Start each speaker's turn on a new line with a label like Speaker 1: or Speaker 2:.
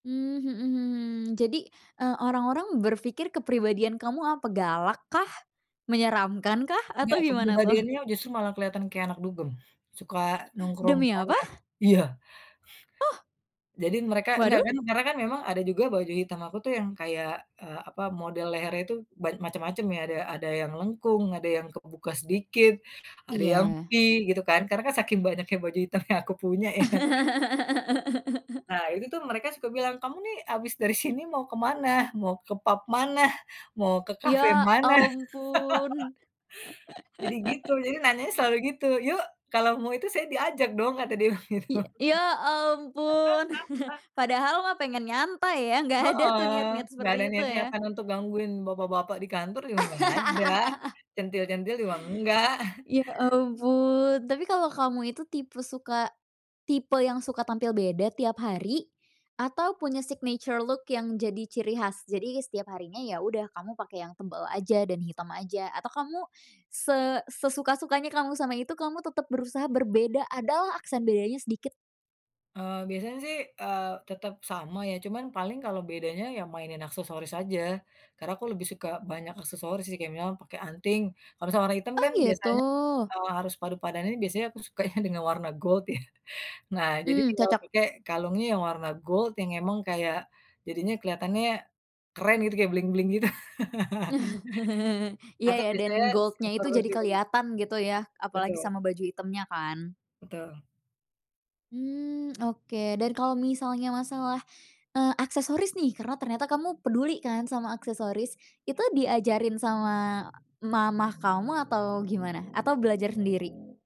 Speaker 1: Mmm, mhm mhm. Jadi, eee, orang-orang berpikir kepribadian kamu apa galak kah, menyeramkan kah,
Speaker 2: [unintelligible] Enggak
Speaker 1: atau gimana tuh?
Speaker 2: kepribadiannya justru malah kelihatan kayak anak dugem, suka nongkrong di
Speaker 1: Demi
Speaker 2: sana
Speaker 1: apa?
Speaker 2: iya.
Speaker 1: Oh.
Speaker 2: Jadi mereka enggak
Speaker 1: Waduh.
Speaker 2: kan karena kan memang ada juga baju hitam aku tuh yang kayak, eee, apa, model lehernya itu ban macem-macem ya ada ada yang lengkung, ada yang kebuka sedikit, ada yang V
Speaker 1: Iya.
Speaker 2: gitu kan, karena kan saking banyaknya baju hitam yang aku punya ya. Nah itu tuh mereka suka bilang, "Kamu nih habis dari sini mau kemana? Mau ke pub mana? Mau ke kafe
Speaker 1: Ya
Speaker 2: mana?"
Speaker 1: ampun.
Speaker 2: Jadi gitu, jadi nanyanya selalu gitu, "Yuk kalau mau itu saya diajak dong," kata dia bilang begitu.
Speaker 1: Iya, ya ampun, padahal mah pengen nyantai ya, gak ada tuh
Speaker 2: Heeh,
Speaker 1: niat-niat
Speaker 2: nggak
Speaker 1: seperti
Speaker 2: ada
Speaker 1: itu ya?
Speaker 2: niat-niatan untuk gangguin bapak-bapak di kantor juga nggak ada, centil-centil juga enggak.
Speaker 1: Ya ampun, tapi kalo kamu itu tipe suka, tipe yang suka tampil beda tiap hari, atau punya signature look yang jadi ciri khas? Jadi setiap harinya ya udah kamu pake yang tebel aja dan hitam aja atau kamu se sesuka-sukanya kamu sama itu kamu tetep berusaha berbeda, ada lah aksen bedanya sedikit?
Speaker 2: Eee, biasanya sih, eee, tetep sama ya cuman paling kalau bedanya ya mainin aksesoris aja. Karena aku lebih suka banyak aksesoris sih kayak misalnya pakai anting. Kalau sama warna hitam
Speaker 1: Oh
Speaker 2: kan
Speaker 1: gitu.
Speaker 2: biasanya, eee, harus padu padanin biasanya aku sukanya dengan warna gold ya. Nah jadi
Speaker 1: Mmm,
Speaker 2: tinggal
Speaker 1: cocok.
Speaker 2: pakai kalungnya yang warna gold yang emang kayak jadinya kelihatannya keren gitu kayak bling-bling gitu
Speaker 1: Iya
Speaker 2: atau
Speaker 1: ya
Speaker 2: biasanya
Speaker 1: dan gold-nya
Speaker 2: sekitar
Speaker 1: itu jadi
Speaker 2: hidung.
Speaker 1: keliatan gitu ya, apalagi
Speaker 2: Betul.
Speaker 1: sama baju hitamnya kan?
Speaker 2: Betul.
Speaker 1: Hmm, oke, dan kalo misalnya masalah, eee, aksesoris nih karena ternyata kamu peduli kan sama aksesoris. Itu diajarin sama mama kamu atau gimana? Atau belajar sendiri?